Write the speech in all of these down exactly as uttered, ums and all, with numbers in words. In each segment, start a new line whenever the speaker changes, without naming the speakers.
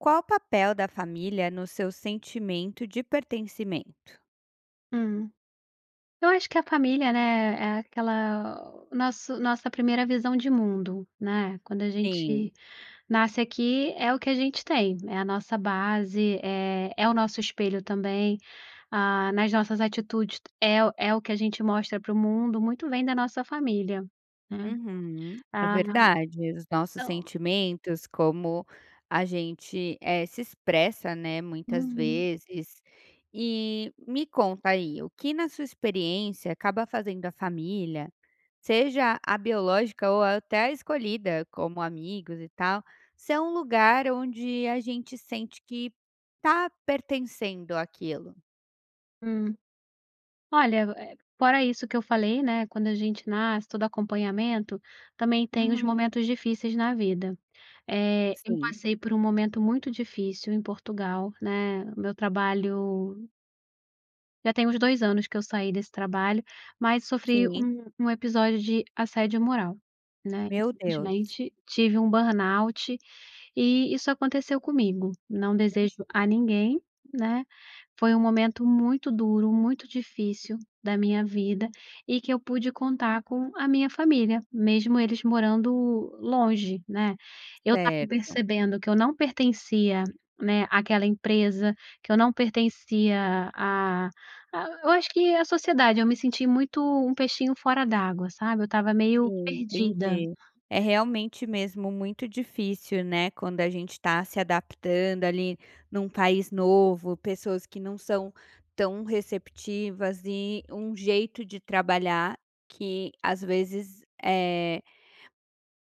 Qual o papel da família no seu sentimento de pertencimento?
Hum. Eu acho que a família, né, é aquela o nosso nossa primeira visão de mundo, né. Quando a
Sim.
gente nasce aqui é o que a gente tem, é a nossa base, é é o nosso espelho também, ah, nas nossas atitudes é o é o que a gente mostra para o mundo, muito vem da nossa família, né.
Uhum, é
Ah,
verdade, os nossos
então
sentimentos como a gente, eh, se expressa, né, muitas
Uhum.
vezes. E, me conta aí, o que na sua experiência acaba fazendo à família, seja a biológica ou até a escolhida como amigos e tal, se é um lugar onde a gente sente que tá pertencendo aquilo.
Hum, olha, eh, fora isso que eu falei, né, quando a gente nasce todo acompanhamento, também tem os
Uhum.
momentos difíceis na vida. Eh, eu
Sim.
passei por um momento muito difícil, em Portugal, né, o meu trabalho já tem uns dois anos que eu saí desse trabalho, mas sofri
Sim.
um um episódio de assédio moral, né, e
Meu Deus.
simplesmente tive um Burnout, e isso aconteceu comigo, não
Hum.
desejo a ninguém, né, foi um momento muito duro, muito difícil da minha vida, e que eu pude contar com a minha família, mesmo eles morando longe, né. Eu estava
Certo.
percebendo que eu não pertencia, né, aquela empresa, que eu não pertencia, ah ah, eu acho que a sociedade eu me senti muito, um peixinho fora d'água sabe. Eu estava meio
Sim,
perdida.
entendi. É realmente mesmo muito difícil, né, quando a gente tá se adaptando ali num país novo, pessoas que não são tão receptivas e, um jeito de trabalhar que às vezes eh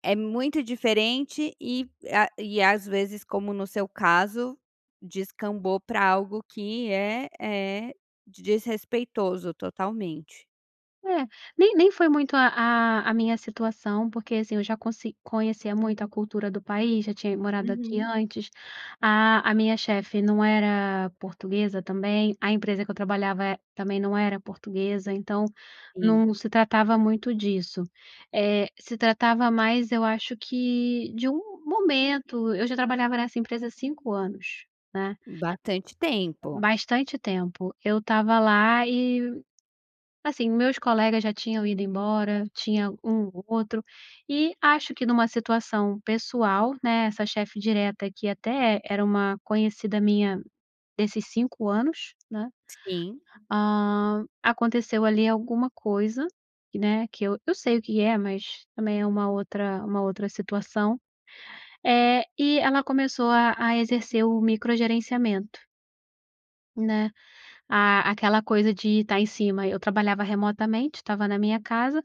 é muito diferente e a e às vezes como no seu caso, descambou pra algo que é é desrespeitoso totalmente.
É, nem nem foi muito, a a a minha situação porque assim eu já conse conhecia muito a cultura do país, já tinha morado aqui
Uhum.
antes, a a minha chefe não era portuguesa também, a empresa que eu trabalhava, eh, também não era portuguesa então,
Sim.
não se tratava muito disso. Eh, se tratava mais eu acho que, de um momento, eu já trabalhava nessa empresa há cinco anos, né.
Bastante tempo.
Bastante tempo, eu estava lá e, assim, os meus colegas já tinham ido embora, tinha um ou outro, e acho que numa situação pessoal, né, essa chefe direta aqui até era uma conhecida minha, desses cinco anos, né,
Sim.
ah, aconteceu ali alguma coisa, né, que eu eu sei o que é mas também é uma outra uma outra situação, eh, e ela começou a a exercer o micro gerenciamento né, a aquela coisa de tá em cima eu trabalhava remotamente, estava na minha casa,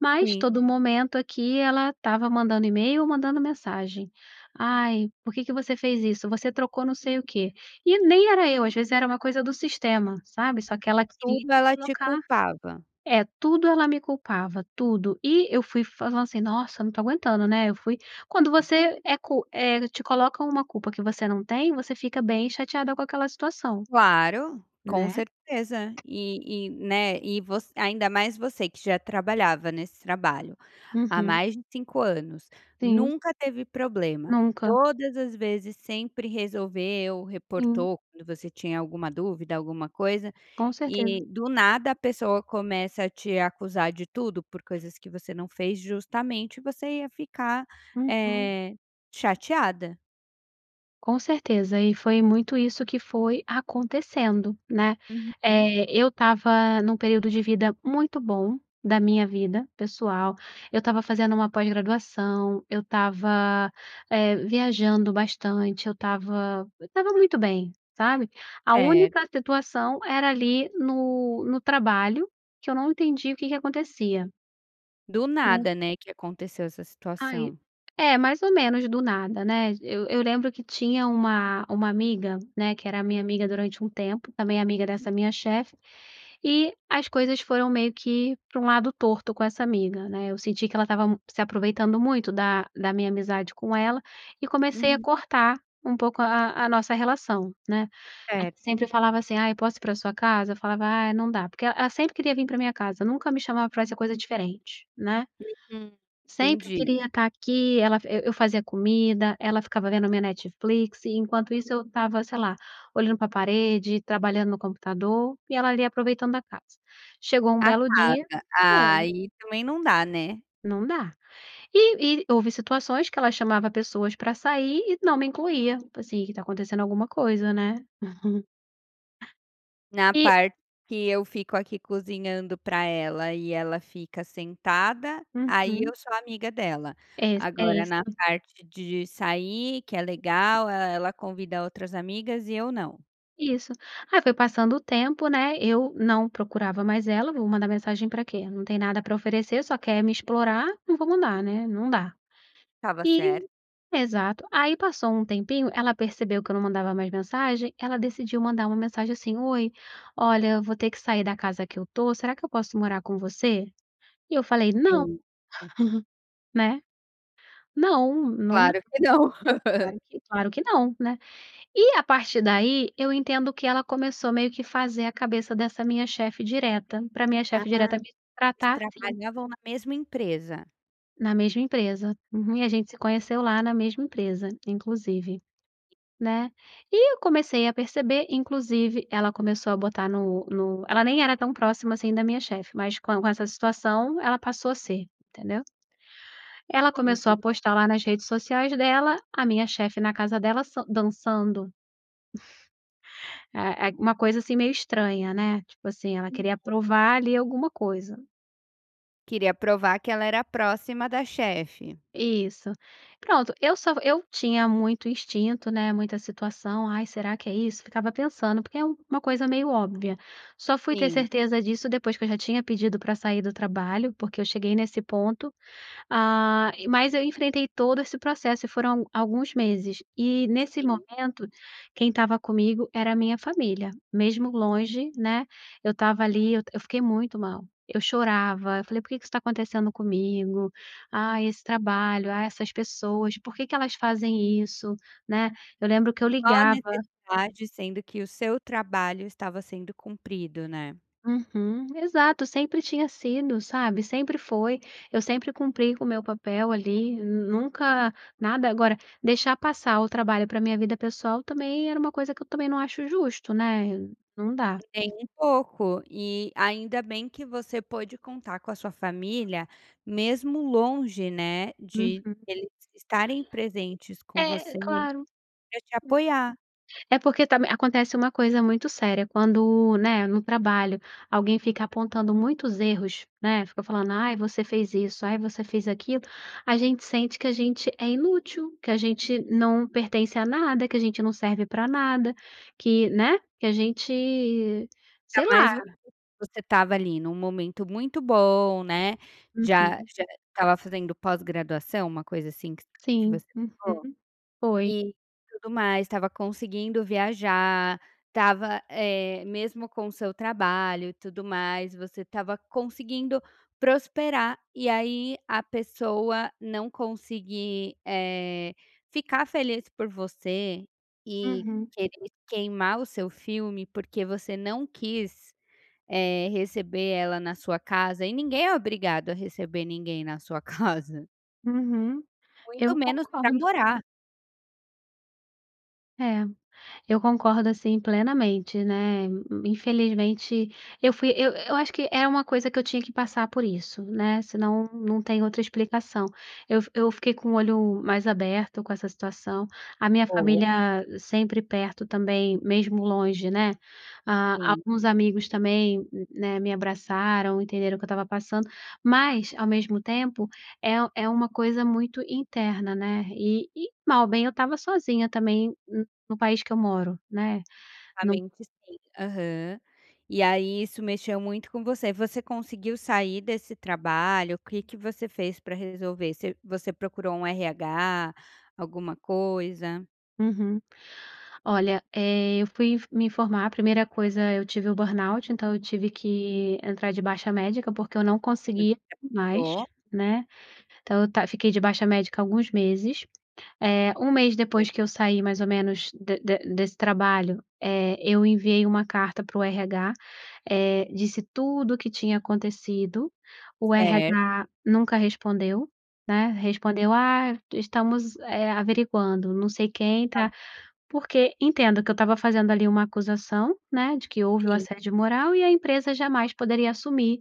mas
Sim.
todo momento aqui ela estava mandando e-mail ou mandando mensagem, ai por que que você fez isso? Você trocou não sei o quê. E nem era eu, às vezes era uma coisa do sistema, sabe. Só que
E
ela queria
tudo ela te
colocar
culpava.
é tudo ela me culpava, tudo, e eu fui falando assim: "Nossa não tô aguentando, né", eu fui quando você é cu eh, te coloca uma culpa que você não tem você fica bem chateada com aquela situação.
Claro, com
Né.
certeza. E e, né, e voc ainda mais você que já trabalhava nesse trabalho, há
Uhum.
mais de cinco anos,
Sim.
nunca teve problema,
Nunca.
todas as vezes sempre resolveu,
Sim.
reportou quando você tinha alguma dúvida, alguma coisa,
Com certeza.
e do nada a pessoa começa a te acusar de tudo por coisas que você não fez, justamente você ia ficar,
Uhum.
eh, chateada.
Com certeza e foi muito isso que foi acontecendo, né,
Uhum.
eh, eu estava num período de vida muito bom, da minha vida pessoal, eu estava fazendo uma pós-graduação, eu estava, eh, viajando bastante, eu estava eu estava muito bem, sabe. A
Certo.
única situação era ali no no trabalho, que eu não entendi o que que acontecia.
Do
Hum.
nada, né, que aconteceu essa
Ai,
situação?
é mais ou menos do nada, né, eu eu lembro que tinha uma uma amiga, né, que era a minha amiga durante um tempo também amiga dessa minha chefe, e as coisas foram meio que pra um lado torto com essa amiga, né. Eu senti que ela estava se aproveitando muito da da minha amizade com ela, e comecei a
Uhum.
cortar um pouco a a nossa relação, né.
Certo.
Sempre falava assim "Ai posso ir pra sua casa?" Eu falava: "Ai não dá", porque e ela sempre queria vim pra minha casa nunca me chamava pra fazer coisa diferente, né?
Hum.
Sempre
Entendi.
queria tá aqui. Ela e eu fazia comida, ela ficava vendo minha Netflix, e enquanto isso eu estava sei lá, olhando pra parede, trabalhando no computador, e ela ali aproveitando da casa. Chegou um
A
belo dia
casa, ah,
é.
aí também não dá, né?
Não dá. E e houve situações que ela chamava pessoas pra sair e não me incluía, tipo assim, que tá acontecendo alguma coisa né?
Na
E
parte que eu fico aqui cozinhando pra ela e ela fica sentada, aí eu
Uhum.
sou amiga dela.
É is é
Agora na
isso.
parte de sair que é legal, e e ela convida outras amigas e eu não.
Isso aí foi passando o tempo, né, eu não procurava mais ela, vou mandar mensagem pra quê? Não tem nada pra oferecer só quer me explorar, não vou mandar né, não dá.
Estava certa.
E exato, aí passou um tempinho, ela percebeu que eu não mandava mais mensagem, ela decidiu mandar uma mensagem assim, "Oi, olha, eu vou ter que sair da casa que eu tô será que eu posso morar com você"? E eu falei: "Não",
Sim, sim.
né? Não, não dá,
Claro que não.
claro que claro que não, né? E a partir daí eu entendo que ela começou meio que fazer a cabeça dessa minha chefe direta, pra minha
Ah.
chefe direta me
Elas
tratar assim.
trabalhavam na mesma empresa?
Na mesma empresa, uhum e a
Hum.
gente se conheceu lá na mesma empresa inclusive, né, e eu comecei a perceber inclusive ela começou a botar no no ela nem era tão próxima, assim, da minha chefe, mas c com essa situação, ela passou a ser, entendeu? Ela começou
Uhum.
a postar lá nas redes sociais dela, a minha chefe na casa dela sam dançando é é uma coisa assim meio estranha, né, tipo assim ela
Uhum.
queria provar ali alguma coisa.
Queria provar que ela era próxima da chefe.
Isso. Pronto, eu só eu tinha muito instinto, né, muita situação ai será que é isso? Ficava pensando, porque é uma coisa meio óbvia. Só fui ter
Sim.
certeza disso depois que eu já tinha pedido pra sair do trabalho porque eu cheguei nesse ponto, ah, mas eu enfrentei todo esse processo e foram a alguns meses, e nesse
Sim.
momento, quem estava comigo era a minha família, mesmo longe, né, eu estava ali eu fiquei muito mal, eu chorava eu falei: "Por que que isso está acontecendo comigo? Ai esse trabalho, ah essas pessoas, por que que elas fazem isso," né, eu lembro que eu
Qual a
ligava
necessidade, sendo que o seu trabalho estava sendo cumprido, né.
uhum, exato, sempre tinha sido sabe, sempre foi, eu sempre cumpri com o meu papel ali, nunca nada agora, deixar passar o trabalho pra minha vida pessoal também era uma coisa que eu também não acho justo, né, não dá.
Nem um pouco, e, ainda bem que você pôde contar com a sua família mesmo longe, né,
Uhum.
de eles estarem presentes com
É,
você,
claro, hum,
pra te apoiar.
é porque também acontece uma coisa muito séria quando, né, no trabalho alguém fica apontando muitos erros, né, fica falando: "Ai você fez isso, ai você fez aquilo", a gente sente que a gente é, inútil, que a gente não pertence a nada, que a gente não serve pra nada, que, né, que a gente, sei
Ainda mais vo
lá.
você estava ali num momento muito bom, né, já
Uhum.
já estava fazendo pós-graduação, uma coisa assim que voc que
Sim,
você falou,
uhum, foi.
e tudo mais, estava conseguindo viajar, estava, eh, mesmo com o seu trabalho e tudo mais, você estava conseguindo prosperar, e aí a pessoa não conseguir, eh, ficar feliz por você e
Uhum.
querer queimar o seu filme porque você não quis, eh, receber ela na sua casa, e ninguém é obrigado a receber ninguém na sua casa.
Uhum,
Muito
eu
menos pra
concordo.
morar.
É, eu concordo assim plenamente, né, infelizmente eu fui eu eu acho que é uma coisa que eu tinha que passar por isso, né, senão não tem outra explicação. Eu fi eu fiquei com o olho mais aberto com essa situação, a minha
Boa.
família sempre perto também, mesmo longe, né, ah,
Sim.
alguns amigos também, né, me abraçaram entenderam o que eu estava passando, mas ao mesmo tempo é u é uma coisa muito interna, né, e e mal ou bem eu estava sozinha também no no país que eu moro, né,
A
não
mente sim, aham. E aí isso mexeu muito com você. Você conseguiu sair desse trabalho? O que que você fez pra resolver? Você você procurou um RH, alguma coisa?
Uhum. Olha, eh, eu fui in me informar. A primeira coisa, eu tive o burnout, então eu tive que entrar de baixa médica porque eu não conseguia
[unintelligible]
mais,
Tô.
né, então eu tá fiquei de baixa médica alguns meses. Eh, um mês
É.
depois que eu saí mais ou menos de de de desse trabalho, eh, eu enviei uma carta para o RH, eh, disse tudo que tinha acontecido, o
Certo.
RH nunca respondeu, né, respondeu: "Ah, estamos, eh, averiguando, não sei quem
Ah.
tá", porque entendo que eu estava fazendo ali uma acusação, né, de que houve o
Sim.
assédio moral e a empresa jamais poderia assumir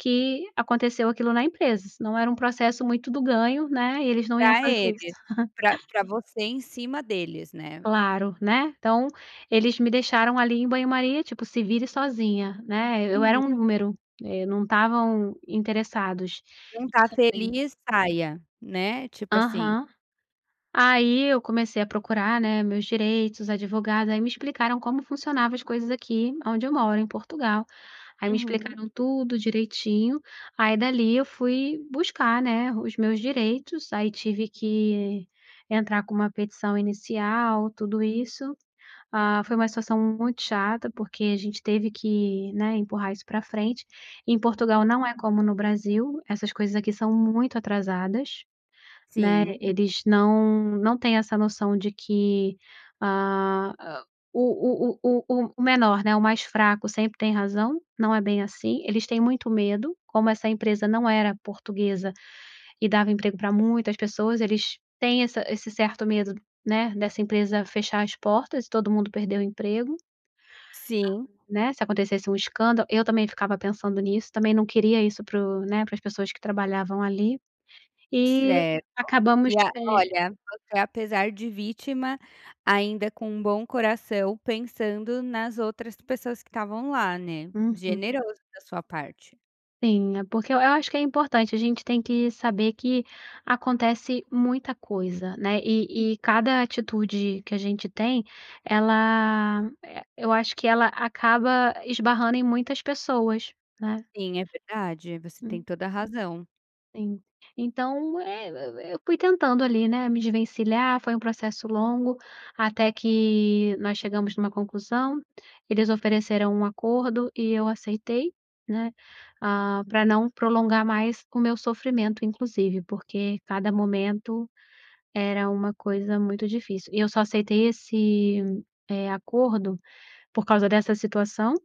que aconteceu aquilo na empresa, senão era um processo muito do ganho, né, e eles não iam
Pra
fazer isso.
eles, pra pra você em cima deles, né.
Claro, né, então, eles me deixaram ali em banho maria tipo "se vire sozinha", né, eu
Uhum.
era um número, e não estavam interessados,
Não tá
isso eu sei.
feliz, saia, né, tipo assim.
Aham. Aí eu comecei a procurar, né, meus direitos, os advogados, aí me explicaram como funcionava as coisas aqui aonde eu moro, em Portugal, aí me
Uhum.
explicaram tudo direitinho. Aí, dali, eu fui buscar, né, os meus direitos, aí tive que entrar com uma petição inicial, tudo isso. Ah, foi uma situação muito chata porque a gente teve que, né, empurrar isso pra frente. Em Portugal não é como no Brasil, essas coisas aqui são muito atrasadas, né,
Sim.
eles não não têm essa noção de que, ah, hã, o o o o o o menor, né, o mais fraco sempre tem razão, não é bem assim, eles têm muito medo, como essa empresa não era portuguesa e dava emprego pra muitas pessoas, eles têm essa esse certo medo, né, dessa empresa fechar as portas e todo mundo perder o emprego,
Sim.
né, se acontecesse um escândalo. Eu também ficava pensando nisso, também não queria isso para os, né, para as pessoas que trabalhavam ali, e
Certo.
acabamos,
E a
eh
olha, você apesar de vítima, ainda com um bom coração pensando nas outras pessoas que estavam lá, né,
Uhum.
generoso da sua parte.
Sim, é, porque eu eu acho que é importante, a gente tem que saber que acontece muita coisa, né, e e cada atitude que a gente tem, ela, eh, eu acho que ela acaba esbarrando em muitas pessoas, né.
Sim, é verdade, você tem
Hum.
toda razão.
Sim, Então e eu eu eu fui tentando ali, né, me desvencilhar foi um processo longo, até que nós chegamos numa conclusão, eles ofereceram um acordo e eu aceitei, né, ah, pra não prolongar mais o meu sofrimento. Inclusive porque cada momento, era uma coisa muito difícil e eu só aceitei esse, eh, acordo, por causa dessa situação,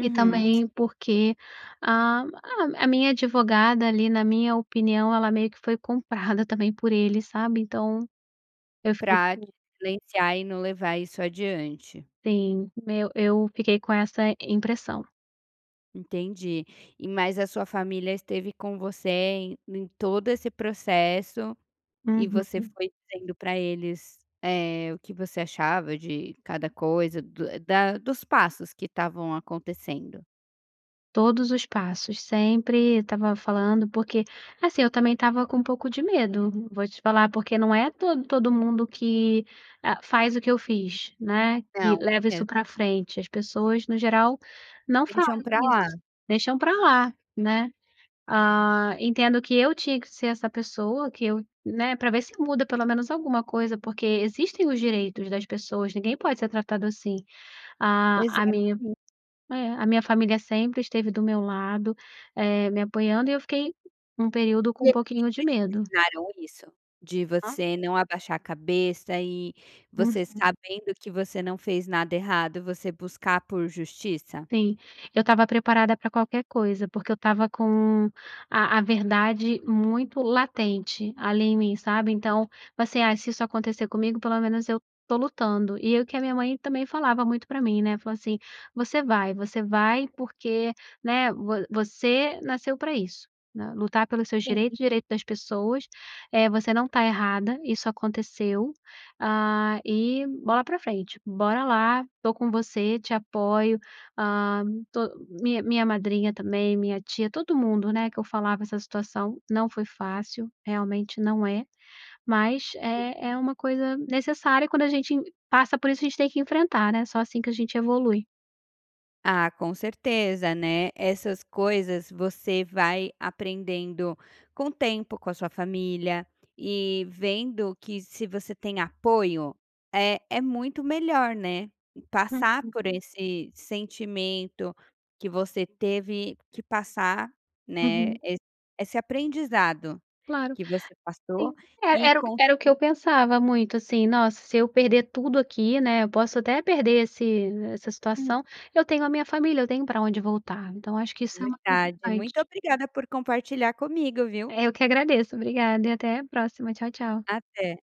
e também porque a a minha advogada ali na minha opinião ela meio que foi comprada também por eles sabe então, eu fiquei
Pra te
[unintelligible]
silenciar e não levar isso adiante.
Sim, eu eu fiquei com essa impressão.
Entendi, e mais a sua família esteve com você em em todo esse processo, e você
Uhum.
foi dizendo pra eles, eh, o que você achava de cada coisa, do da dos passos que estavam acontecendo.
Todos os passos, sempre estava falando, porque, assim, eu também estava com um pouco de medo vou te falar porque não é todo todo mundo que, ah, faz o que eu fiz, né, que
Não,
leva isso
é.
pra frente. As pessoas no geral não falam
Deixam para lá.
isso, deixam pra lá, né, ah, entendo que eu tinha que ser essa pessoa. Que eu, né, pra ver se muda pelo menos alguma coisa porque existem os direitos das pessoas ninguém pode ser tratado assim. A a minha
Exatamente.
é, a minha família sempre esteve do meu lado, eh, me apoiando e eu fiquei um período
E
com um
eles
pouquinho de
sempre
medo.
ensinaram isso? De
Hã?
você não abaixar a cabeça e você
Uhum.
sabendo que você não fez nada errado, você buscar por justiça?
Sim, eu estava preparada pra qualquer coisa, porque eu estava com a a verdade muito latente, ali em mim, sabe? Então, assim, ah, se isso acontecer comigo pelo menos eu estou lutando, e eu que a minha mãe também falava muito pra mim né falou assim: "você vai você vai porque, né, vo você nasceu pra isso, lutar pelos seus direitos,
Sim.
direito das pessoas, eh, você não está errada, isso aconteceu, ah, e bola pra frente, bora lá, estou com você te apoio", hã to minha minha madrinha também, minha tia todo mundo, né, que eu falava essa situação. Não foi fácil, realmente não é, mas
Sim.
é é uma coisa necessária quando a gente passa por isso a gente tem que enfrentar né só assim que a gente evolui.
Ah, com certeza, né, essas coisas você vai aprendendo com o tempo, com a sua família e vendo que se você tem apoio, é é muito melhor, né, passar
Uhum.
por esse sentimento que você teve que passar, né,
Uhum.
esse esse aprendizado
Claro.
que você passou
Sim. E
e
era
com
era o que eu
[unintelligible]
pensava muito assim, nossa se eu perder tudo aqui, né, posso até perder esse essa
Hum.
situação, eu tenho a minha família, eu tenho pra onde voltar. Então eu acho que
É
isso é o mais
verdade muito
importante.
obrigada por compartilhar comigo, viu?
Eh, eu que agradeço, obrigada, até a próxima, tchau, tchau.
Até.